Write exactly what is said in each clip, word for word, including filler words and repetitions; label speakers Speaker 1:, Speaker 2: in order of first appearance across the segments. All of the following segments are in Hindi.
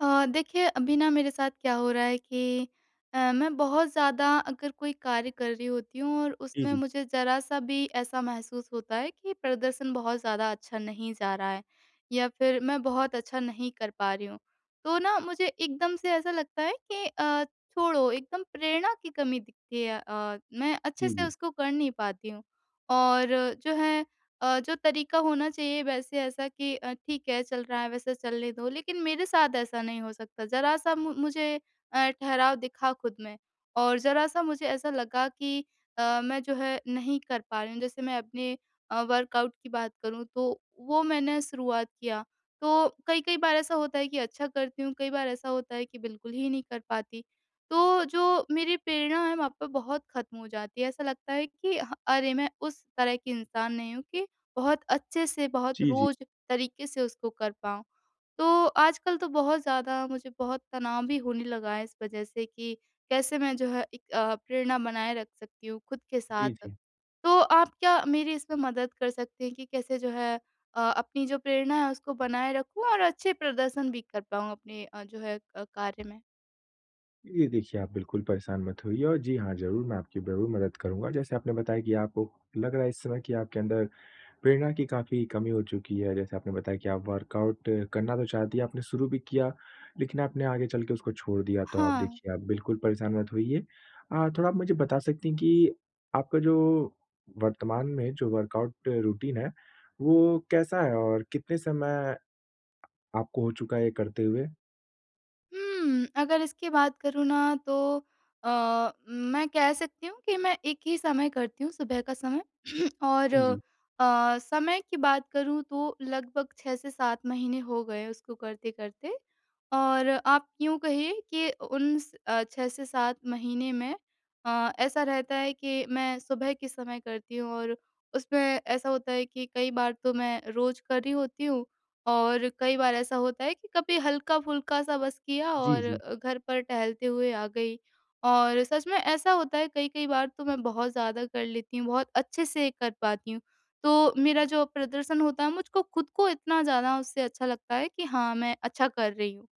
Speaker 1: अ, देखिए अभी ना मेरे साथ क्या हो रहा है कि अ, मैं बहुत ज़्यादा अगर कोई कार्य कर रही होती हूँ और
Speaker 2: जी,
Speaker 1: उसमें
Speaker 2: जी।
Speaker 1: मुझे ज़रा-सा भी ऐसा महसूस होता है कि प्रदर्शन बहुत ज़्यादा अच्छा नहीं जा रहा है या फिर मैं बहुत अच्छा नहीं कर पा रही हूँ। तो ना मुझे एकदम से ऐसा लगता है कि अ, छोड़ो एकदम प्रेरणा की कमी दिखती है अ, मैं अच्छे
Speaker 2: जी,
Speaker 1: से
Speaker 2: जी।
Speaker 1: उसको कर नहीं पाती हूँ। और जो है अ, जो तरीक़ा होना चाहिए वैसे ऐसा कि अ, ठीक है चल रहा है वैसे चलने दो। लेकिन मेरे साथ ऐसा नहीं हो सकता ज़रा सा मु मुझे अ, ठहराव दिखा खुद में और ज़रा सा मुझे ऐसा लगा कि अ, मैं जो है नहीं कर पा रही हूँ, जैसे मैं अपने अ, वर्कआउट की बात करूँ तो वो मैंने शुरुआत किया। तो कई-कई बार ऐसा होता है कि अच्छा करती हूँ, कई बार ऐसा होता है कि बिल्कुल ही नहीं कर पाती, तो जो मेरी प्रेरणा है वहाँ पे बहुत खत्म हो जाती है ऐसा लगता है कि ह अरे, मैं उस तरह की इंसान नहीं हूँ कि बहुत अच्छे से, बहुत
Speaker 2: जी, जी।
Speaker 1: रोज़ तरीक़े से उसको कर पाऊँ। तो आजकल तो बहुत ज़्यादा मुझे बहुत तनाव भी होने लगा है इस वजह से कि कैसे मैं जो है एक अ, प्रेरणा बनाए रख सकती हूँ, खुद के साथ।
Speaker 2: जी, जी।
Speaker 1: तो आप क्या मेरी इसमें मदद कर सकती हैं कि कैसे जो है अ, अपनी जो प्रेरणा है उसको बनाए रखूँ और अच्छे प्रदर्शन भी कर पाऊँ अपने अ, जो है अ, कार्य में?
Speaker 2: ये देखिए आप बिल्कुल परेशान मत होइए और जी हाँ, ज़रूर मैं आपकी ज़रूर मदद करूँगा, जैसे आपने बताया कि आपको लग रहा है इस समय कि आपके अंदर प्रेरणा की काफ़ी कमी हो चुकी है। जैसे आपने बताया कि आप वर्कआउट करना तो चाहती हैं, आपने शुरू भी किया लेकिन आपने आगे चल के उसको छोड़ दिया तो आप
Speaker 1: हाँ।
Speaker 2: देखिए आप बिल्कुल परेशान मत होइए। अ, थोड़ा आप मुझे बता सकती हैं कि आपका जो वर्तमान में जो वर्कआउट रूटीन है वो कैसा है? और कितने समय आपको हो चुका है ये करते हुए?
Speaker 1: उम्म। अगर इसकी बात करूँ ना तो अ, मैं कह सकती हूँ कि मैं एक ही समय करती हूँ, सुबह का समय। और
Speaker 2: इ जी।
Speaker 1: अ, समय की बात करूँ तो लगभग छह से सात महीने हो गए उसको करते-करते। और आप यूँ कहिए कि अ, उन स अ, छह से सात महीने में अ, ऐसा रहता है के मैं सुबह के समय करती हूँ और उसमें ऐसा होता है कि कई बार तो मैं रोज़ कर रही होती हूँ और कई बार ऐसा होता है कि कभी हल्क़ा-फ़ुल्का-सा बस किया
Speaker 2: जी,
Speaker 1: और
Speaker 2: जी।
Speaker 1: अ, घर पर टहलते हुए आ गई। और सच में ऐसा होता है, कई-कई बार तो मैं बहुत ज़्यादा कर लेती हूँ, बहुत अच्छे से कर पाती हूँ। तो मेरा जो प्रदर्शन होता है मुझको खुद को इतना ज़्यादा उससे अच्छा लगता है कि हाँ, मैं अच्छा कर रही हूँ।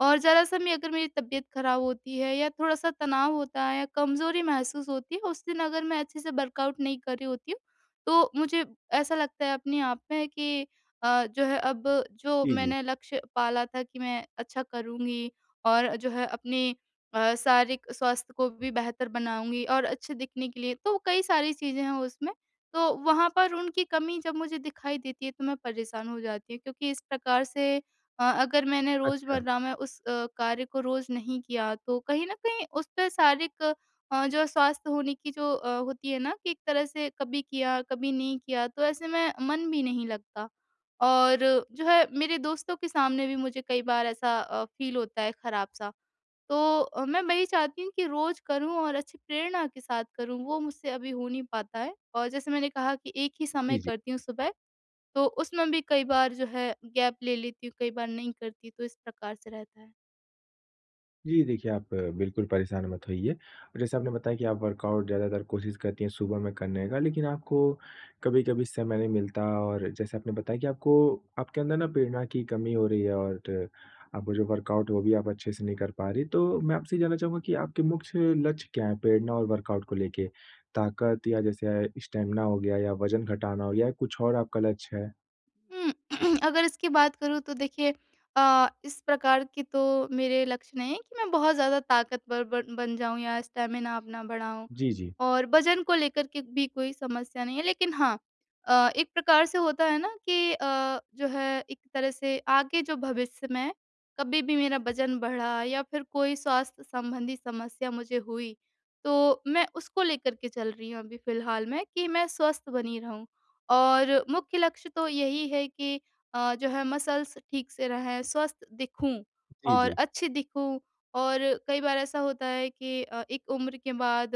Speaker 1: और ज़रा-सा मैं अगर मेरी तबियत खराब होती है या थोड़ा-सा तनाव होता है या कमज़ोरी महसूस होती है उस दिन अगर मैं अच्छे से वर्कआउट नहीं कर रही होती हूँ तो मुझे ऐसा लगता है अपने आप में कि अ, जो है अब जो
Speaker 2: इ जी।
Speaker 1: मैंने लक्ष्य पाला था कि मैं अच्छा करूँगी और जो है अपनी अ, शारीरिक स्वास्थ्य को भी बेहतर बनाऊँगी और अच्छे दिखने के लिए, तो वो कई सारी चीज़ें हैं उसमें तो वहाँ पर उनकी कमी जब मुझे दिखाई देती है तो मैं परेशान हो जाती हूँ। क्योंकि इस प्रकार से अ अगर मैंने
Speaker 2: अच्छा।
Speaker 1: रोज़मर्रा में उस अ, कार्य को रोज़ नहीं किया तो कहीं न कहीं उसपे शारीरिक अ, जो है स्वास्थ्य होने की जो अ, होती है ना कि एक तरह से कभी किया, कभी नहीं किया तो ऐसे में मन भी नहीं लगता। और जो है मेरे दोस्तों के सामने भी मुझे कई बार ऐसा अ, फ़ील होता है खराब-सा। तो अ, मैं वही चाहती हूँ कि रोज़ करूँ और अच्छी प्रेरणा के साथ करूँ वो मुझसे अभी हो नहीं पाता है। और जैसे मैंने कहा कि एक ही
Speaker 2: इ
Speaker 1: समय
Speaker 2: जी।
Speaker 1: करती हूँ सुबह, तो उसमें भी कई बार जो है गैप ले लेती हूँ कई बार नहीं करती, तो इस प्रकार से रहता है।
Speaker 2: जी देखिए आप बिल्कुल परेशान मत होइए। जैसा आपने बताया कि आप वर्कआउट ज़्यादातर कोशिश करती हैं सुबह में करने का लेकिन आपको कभी-कभी समय नहीं मिलता और जैसे आपने बताया कि आपको आपके अंदर न प्रेरणा की कमी हो रही है और आपका जो वर्कआउट है वो भी आप अच्छे से नहीं कर पा रही हैं। तो मैं आपसे ये जानना चाहूँगा कि आपके मुख्य लक्ष्य क्या हैं प्रेरणा और वर्कआउट को लेके? ताकत या जैसे स्टैमिना हो गया या वजन घटाना हो गया या कुछ और आपका लक्ष्य है?
Speaker 1: उ, अगर इसकी बात करूँ तो देखिए अ, इस प्रकार की तो मेरे लक्ष्य नहीं है कि मैं बहुत ज़्यादा ताकतवर बन बन जाऊँ या स्टैमिना अपना बढ़ाऊँ।
Speaker 2: जी, जी।
Speaker 1: और वजन को लेकर के भी कोई समस्या नहीं है लेकिन हाँ अ, एक प्रकार से होता है ना, कि अ, जो है एक तरह से आगे जो भविष्य में कभी भी मेरा वजन बढ़ा या फिर कोई स्वास्थ्य संबंधी समस्या मुझे हुई तो मैं उसको लेकर के चल रही हूँ अभी फ़िलहाल में कि मैं स्वस्थ बनी रहूँ। और मुख्य लक्ष्य तो यही है कि अ, जो है मसल्स ठीक से रहें, स्वस्थ दिखूँ
Speaker 2: जी,
Speaker 1: और
Speaker 2: जी।
Speaker 1: अच्छी दिखूँ। और कई बार ऐसा होता है कि अ, एक उम्र के बाद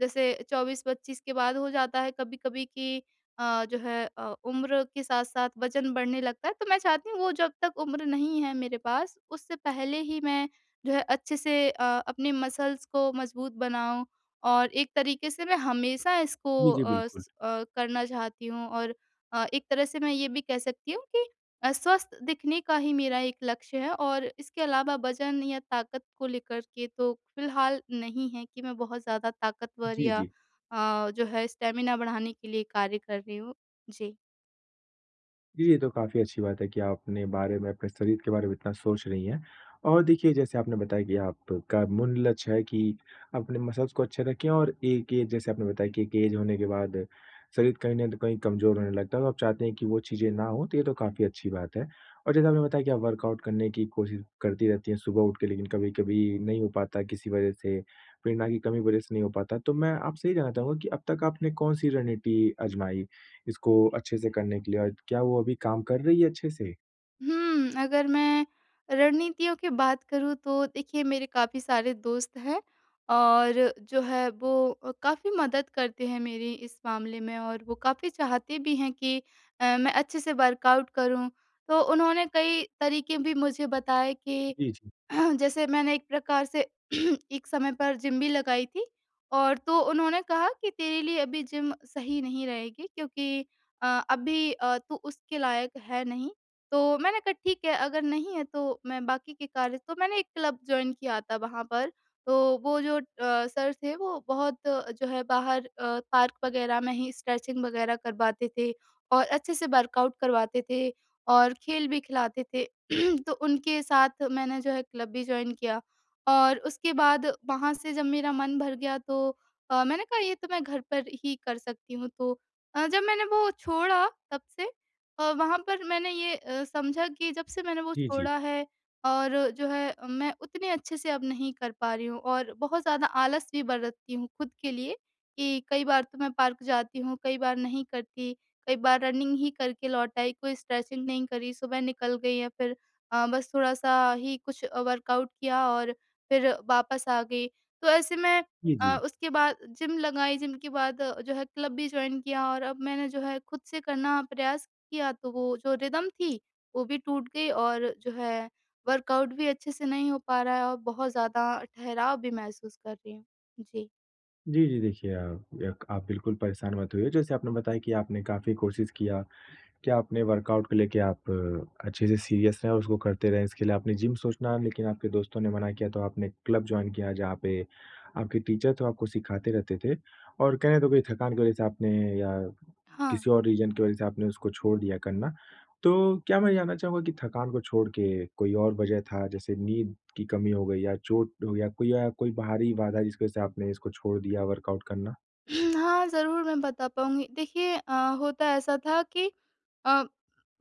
Speaker 1: जैसे चौबीस पच्चीस के बाद हो जाता है कभी-कभी कि अ, जो है अ, उम्र के साथ-साथ वजन बढ़ने लगता है। तो मैं चाहती हूँ वो जब तक उम्र नहीं है मेरे पास उससे पहले ही मैं जो है अच्छे से अ, अपने मसल्स को मज़बूत बनाऊँ। और एक तरीके से मैं हमेशा इसको
Speaker 2: जी, जी।
Speaker 1: अ अ,
Speaker 2: बिल्कुल।
Speaker 1: करना चाहती हूँ और अ, एक तरह से मैं ये भी कह सकती हूँ कि अ, स्वस्थ दिखने का ही मेरा एक लक्ष्य है और इसके अलावा वजन या ताकत को लेकर के तो फ़िलहाल नहीं है कि मैं बहुत ज़्यादा ताकतवर
Speaker 2: जी,
Speaker 1: या
Speaker 2: जी।
Speaker 1: अ, जो है स्टैमिना बढ़ाने के लिए कार्य कर रही हूँ। जी।
Speaker 2: जी, ये तो काफ़ी अच्छी बात है कि आप अपने बारे में, अपने शरीर के बारे में इतना सोच रही हैं। और देखिए जैसे आपने बताया कि आपका मुल लक्ष्य है कि अपने मसल्स को अच्छे रखें और एक एज जैसे आपने बताया कि एक एज होने के बाद शरीर कहीं न तो कहीं कमज़ोर होने लगता है। तब आप चाहती हैं कि वो चीज़ें ना हो तो ये तो काफ़ी अच्छी बात है। और जैसे आपने बताया कि आप वर्कआउट करने की कोशिश करती रहती हैं सुबह उठ के, लेकिन कभी-कभी नहीं हो पाता किसी वज़ह से, प्रेरणा की कमी की वज़ह से नहीं हो पाता। तो मैं आपसे ये जानना चाहूँगा कि अब तक आपने कौन-सी रणनीति आज़माई इसको अच्छे से करने के लिए और क्या वो अभी काम कर रही है अच्छे से?
Speaker 1: हुँ, अगर मैं रणनीतियों की बात करूँ तो देखिए मेरे काफ़ी सारे दोस्त हैं। और जो है वो अ, काफ़ी मदद करते हैं मेरी इस मामले में और वो काफ़ी चाहते भी हैं कि अ, मैं अच्छे से वर्कआउट करूँ, तो उन्होंने कई तरीक़े भी मुझे बताए कि
Speaker 2: जी, जी।
Speaker 1: जैसे मैंने एक प्रकार से एक समय पर जिम भी लगाई थी। और तो उन्होंने कहा कि तेरे लिए अभी जिम सही नहीं रहेगी क्योंकि अ, अभी अ, तू उसके लायक है नहीं। तो मैंने कहा ठीक है अगर नहीं है तो मैं बाकी के कार्य तो मैंने एक क्लब जॉइन किया था वहाँ पर। तो वो जो अ, सर थे वो बहुत जो है बाहर अ, पार्क वग़ैरह में ही स्ट्रेचिंग वग़ैरह करवाते थे और अच्छे से वर्कआउट करवाते थे, और खेल भी खिलाते थे। तो उनके साथ मैंने जो है क्लब भी जॉइन किया और और उसके बाद वहाँ से जब मेरा मन भर गया तो अ, मैंने कहा ये तो मैं घर पर ही कर सकती हूँ अ, तो जब मैंने वो छोड़ा तब से अ, वहाँ पर मैंने ये अ, समझा कि जब से मैंने वो
Speaker 2: जी, जी।
Speaker 1: छोड़ा है और जो है अ, मैं उतने अच्छे से अब नहीं कर पा रही हूँ, और बहुत ज़्यादा आलस भी बरतती हूँ खुद के लिए। कि कई बार तो मैं पार्क जाती हूँ, कई बार नहीं करती, कई बार रनिंग ही करके लौट आई, कोई स्ट्रेचिंग नहीं करी, सुबह निकल गई या फिर अ, बस थोड़ा-सा ही कुछ अ, वर्कआउट किया और फिर वापस आ गई। तो ऐसे मैं
Speaker 2: जी,
Speaker 1: अ,
Speaker 2: जी।
Speaker 1: उसके बाद जिम लगाई जिम के बाद जो है क्लब भी जॉइन किया और अब मैंने जो है खुद से करना प्रयास किया तो वो जो रिदम थी वो भी टूट गई और जो है वर्कआउट भी अच्छे से नहीं हो पा रहा है और बहुत ज़्यादा ठहराव भी महसूस कर रही हूँ। जी।
Speaker 2: जी, जी। देखिए आप यक आप बिल्कुल परेशान मत होइए, जैसे आपने बताया कि आपने काफ़ी कोशिश किया। क्या आपने वर्कआउट को लेके आप अच्छे से सीरियस रहें और उसको करते रहें, इसके लिए आपने जिम सोचना लेकिन आपके दोस्तों ने मना किया तो आपने क्लब जॉइन किया जहाँ पे आपके टीचर तो आपको सिखाते रहते थे और कहने तो कोई थकान की वजह से आपने या
Speaker 1: हाँ।
Speaker 2: किसी और रीज़न की वजह से आपने उसको छोड़ दिया करना। तो क्या मैं जानना चाहूँगा कि थकान को छोड़ के कोई और वजह था? जैसे नींद की कमी हो गई या चोट हो गया कोई या कोई बाहरी बाधा जिसकी वजह से आपने इसको छोड़ दिया वर्कआउट करना?
Speaker 1: हुँ, हाँ, ज़रूर मैं बता पाऊँगी देखिए अ, होता ऐसा था कि अ,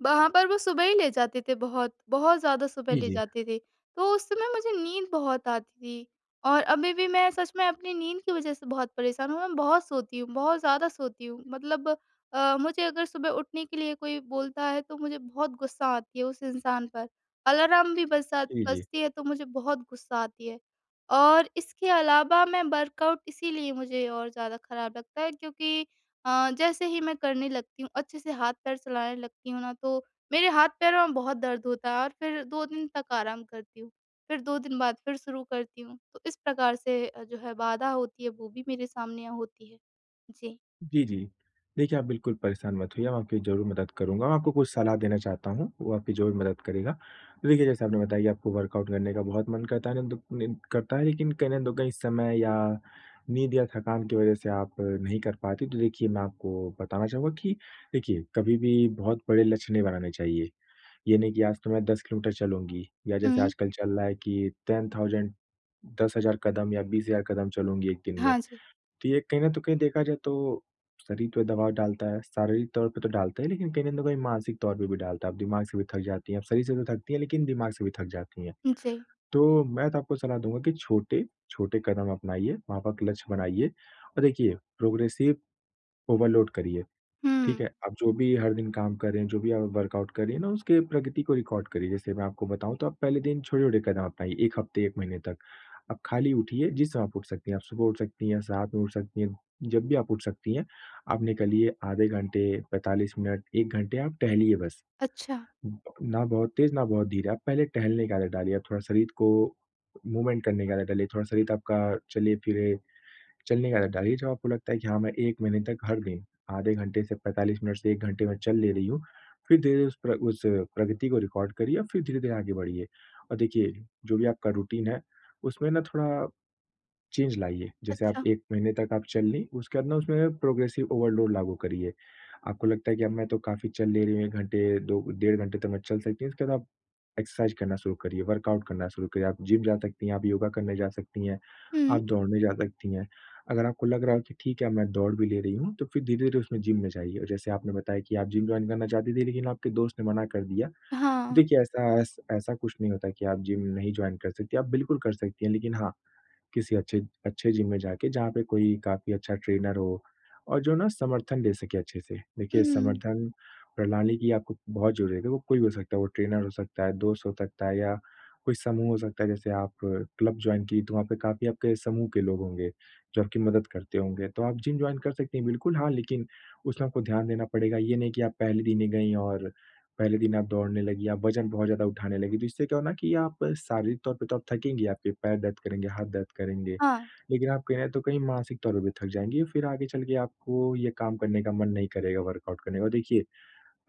Speaker 1: वहाँ पर वो सुबह ही ले जाते थे, बहुत-बहुत ज़्यादा सुबह
Speaker 2: जी,
Speaker 1: ले
Speaker 2: जी।
Speaker 1: जाते थे, तो उस समय मुझे नींद बहुत आती थी। और अभी भी मैं सच में अपनी नींद की वजह से बहुत परेशान हूँ, मैं बहुत सोती हूँ, बहुत ज़्यादा सोती हूँ मतलब अ, मुझे अगर सुबह उठने के लिए कोई बोलता है तो मुझे बहुत गुस्सा आती है उस इंसान पर। अलार्म भी बजा
Speaker 2: जी, जी।
Speaker 1: बजती है तो मुझे बहुत गुस्सा आती है। और इसके अलावा मैं वर्कआउट इसीलिए मुझे और ज़्यादा खराब लगता है। क्योंकि अ, जैसे ही मैं करने लगती हूँ अच्छे से हाथ-पैर चलाने लगती हूँ ना, तो मेरे हाथ-पैरों में बहुत दर्द होता है और फिर दो दिन तक आराम करती हूँ, फिर दो दिन बाद फिर शुरू करती हूँ। तो इस प्रकार से अ, जो है बाधा होती है वो भी मेरे सामने होती है, जी।
Speaker 2: जी, जी। देखिए आप बिल्कुल परेशान मत होइए, मैं आपकी ज़रूर मदद करूँगा, मैं आपको कुछ सलाह देना चाहता हूँ, वो आपकी ज़रूर मदद करेगा। देखिए, जैसे आपने बताया आपको वर्कआउट करने का बहुत मन करता है [unintelligible] करता है, लेकिन कहीं न कहीं समय या नींद या थकान की वजह से आप नहीं कर पाते। तो देखिए मैं आपको बताना चाहूँगा कि देखिए कभी भी बहुत बड़े लक्ष्य नहीं बनाने चाहिए। ये नहीं कि आज तो मैं दस किलोमीटर चलूँगी या जैसे
Speaker 1: हुँ।
Speaker 2: आजकल चल रहा है कि टेन थाउजेंड दस हज़ार कदम या बीस हज़ार कदम चलूँगी एक दिन में,
Speaker 1: हाँ जी।
Speaker 2: तो ये कहीं न तो कहीं देखा जाए तो शरीर पे दबाव डालता है, शारीरिक तौर पे तो डालता है, लेकिन कहीं न कहीं मानसिक तौर पे भी डालता है। अब दिमाग से भी थक जाती हैं, आप शरीर से तो थकती हैं, लेकिन दिमाग से भी थक जाती हैं।
Speaker 1: उम, जी।
Speaker 2: तो मैं तो आपको सलाह दूँगा कि छोटे-छोटे कदम अपनाइए, वहाँ पे आप लक्ष्य बनाइए और देखिए, प्रोग्रेसिव ओवरलोड करिए। ठीक है?
Speaker 1: हुँ।
Speaker 2: आप जो भी हर दिन काम कर रहे हैं, जो भी आप वर्कआउट कर रही हैं ना उसके प्रगति को रिकॉर्ड करिए, जैसे मैं आपको बताऊँ तो आप पहले दिन छोटे-छोटे कदम अपनाइए, एक हफ्ते एक महीने तक। आप खाली उठिए, जिस समय आप उठ सकती हैं, आप सुबह उठ सकती हैं, सात में उठ सकती हैं जब भी आप उठ सकती हैं, आप निकलिए आधे घंटे, पैंतालीस मिनट, एक घंटे आप टहलिए बस।
Speaker 1: अच्छा।
Speaker 2: ना बहुत तेज़, ना बहुत धीरे, आप पहले टहलने का आदत डालिए, आप थोड़ा शरीर को मूवमेंट करने का आदत डालिए, थोड़ा शरीर आपका चले-फिरे, चलने का आदत डालिए। जब आपको लगता है कि हाँ, मैं एक महीने तक हर दिन आधे घंटे से पैंतालीस मिनट से एक घंटे में चल ले रही हूँ, फिर धीरे-धीरे उस प्र उस प्रगति को रिकॉर्ड करिए और फिर धीरे-धीरे आगे बढ़िए। और देखिए, जो भी आपका रूटीन है, उसमें ना थोड़ा, चेंज लाइए। जैसे आप
Speaker 1: अच्छा।
Speaker 2: एक महीने तक आप चल लीं, उसके बाद ना उसमें प्रोग्रेसिव ओवरलोड लागू करिए। आपको लगता है कि अब मैं तो काफ़ी चल ले रही हूँ, एक घंटे, दो डेढ़ घंटे तो मैं चल सकती हूँ, उसके बाद आप एक्सरसाइज़ करना शुरू करिए, वर्कआउट करना शुरू करिए। आप जिम जा सकती हैं, आप योगा करने जा सकती हैं, आप
Speaker 1: हुँ।
Speaker 2: दौड़ने जा सकती हैं, अगर आपको लग रहा हो कि ठीक है, अब मैं दौड़ भी ले रही हूँ तो फिर धीरे-धीरे उसमें जिम में जाइए। जैसे आपने बताया कि आप जिम जॉइन करना चाहती थी लेकिन आपके दोस्त ने मना कर दिया।
Speaker 1: हाँ।
Speaker 2: देखिए ऐसा ऐस ऐसा कुछ नहीं होता है कि आप जिम नहीं जॉइन कर सकतीं। आप बिल्कुल कर सकती हैं, लेकिन हाँ, किसी अच्छे, अच्छे जिम में जाके, जहाँ पे कोई काफ़ी अच्छा ट्रेनर हो और जो ना समर्थन दे सके अच्छे से। देखिए
Speaker 1: हुँ।
Speaker 2: समर्थन प्रणाली की आपको बहुत ज़रूरत है, वो कोई भी हो सकता है, वो ट्रेनर हो सकता है, दोस्त हो सकता है या कोई समूह हो सकता है। जैसे आप क्लब जॉइन की तो वहाँ पे काफ़ी आपके समूह के लोग होंगे, जो आपकी मदद करते होंगे। तो आप जिम जॉइन कर सकती हैं, बिल्कुल हाँ, लेकिन उसमें आपको ध्यान देना पड़ेगा। ये नहीं कि आप पहले दिन ही गईं और पहले दिन आप दौड़ने लगी, आप वजन बहुत ज़्यादा उठाने लगी। तो इससे क्या होना कि आप शारीरिक तौर पे तो आप थकेंगी, आपके पैर दर्द करेंगे, हाथ दर्द करेंगे,
Speaker 1: हाँ।
Speaker 2: लेकिन आप कहीं न तो कहीं मानसिक तौर पर भी थक जाएँगी, फिर आगे चल के आपको ये काम करने का मन नहीं करेगा वर्कआउट करने का। और देखिए,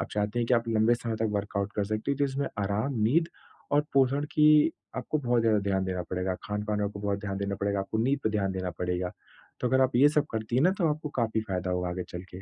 Speaker 2: आप चाहते हैं कि आप लंबे समय तक वर्कआउट कर सकते हो जिसमें आराम, नींद और पोषण की आपको बहुत ज़्यादा ध्यान देना पड़ेगा। खान-पान को बहुत ध्यान देना पड़ेगा, आपको नींद पे ध्यान देना पड़ेगा, तो अगर आप ये सब करती हैं ना तो आपको काफ़ी फायदा होगा आगे चल के।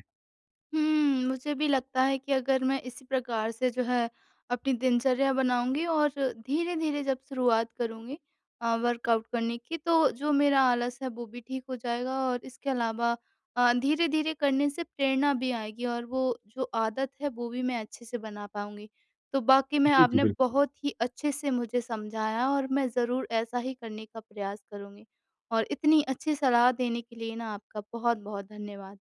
Speaker 1: हुँ। मुझे भी लगता है कि अगर मैं इसी प्रकार से जो है अपनी दिनचर्या बनाऊँगी और धीरे-धीरे जब शुरुआत करूँगी अ, वर्कआउट करने की तो जो मेरा आलस है वो भी ठीक हो जाएगा और इसके अलावा अ, धीरे-धीरे करने से प्रेरणा भी आएगी और वो जो आदत है वो भी मैं अच्छे से बना पाऊँगी। तो बाकी मैं
Speaker 2: जी, जी,
Speaker 1: आपने
Speaker 2: बिल्कुल।
Speaker 1: बहुत ही अच्छे से मुझे समझाया और मैं ज़रूर ऐसा ही करने का प्रयास करूँगी, और इतनी अच्छी सलाह देने के लिए ना आपका बहुत-बहुत धन्यवाद।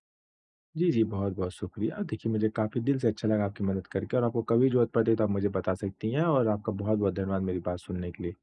Speaker 2: जी, जी, बहुत-बहुत शुक्रिया। देखिए मुझे काफ़ी दिल से अच्छा लगा आपकी मदद करके और आपको कभी ज़रूरत पड़ती तो आप मुझे बता सकती हैं और आपका बहुत-बहुत धन्यवाद मेरी बात सुनने के लिए।